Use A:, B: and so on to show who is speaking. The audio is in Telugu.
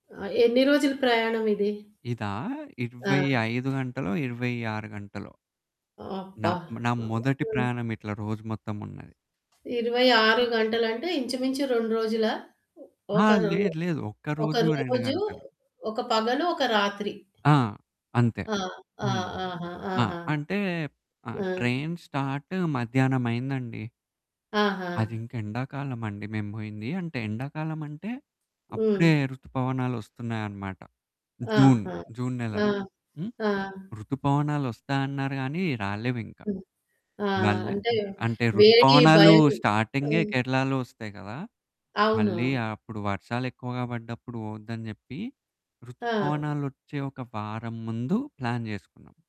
A: ఆ! ఎన్ని రోజులు ప్రయాణం ఇది?
B: ఇదా ఇరవై
A: ఆ!
B: ఐదు గంటలొ, 26 గంటలొ. నా,
A: అబ్బా!
B: నా మొదటి
A: హుహు.
B: ప్రయాణం ఇట్లా రోజు మొత్తం ఉన్నది.
A: 26 గంటలు అంటే ఇంచుమించు 2 రోజులా?
B: ఆ!
A: ఒక రో
B: లేదు, లేదు ఒక్క
A: ఒక
B: రోజు 2
A: రోజు,
B: గంటలు.
A: ఒక పగలు, ఒక రాత్రి.
B: ఆ! అంతే.
A: ఆ! ఆ!
B: హ్మ్.
A: ఆహా!
B: ఆ!
A: ఆహా!
B: అంటే ఆహ్,
A: ఆ!
B: ట్రైన్ స్టార్ట్ మధ్యాహ్నం అయిందండి. అది
A: ఆహా!
B: ఇంకా ఎండాకాలం అండి మేము పోయింది. అంటే ఎండాకాలం అంటే అప్పుడే
A: హ్మ్.
B: రుతుపవనాలొస్తున్నాయన్నమాట. జూన్,
A: ఆహా!
B: జూన్ నెల.
A: ఆ!
B: హ్మ్.
A: ఆ!
B: రుతుపవనాలొస్తాయన్నారు గానీ. రాలేవింక.
A: హ్మ్. ఆ!
B: మళ్ళీ
A: అంటే
B: హ్మ్, అంటే
A: వేరే
B: రుతుపవనాలు
A: భయం
B: స్టార్టింగే
A: హ్మ్.
B: కేరళలో వస్తాయి కదా! మళ్ళీ
A: అవును.
B: అప్పుడు వర్షాలెక్కువగా పడ్డప్పుడు పోవద్దని జెప్పి
A: ఆ!
B: రుతుపవనాలొచ్చే ఒక వారం ముందు ప్లాన్ చేసుకున్నాం.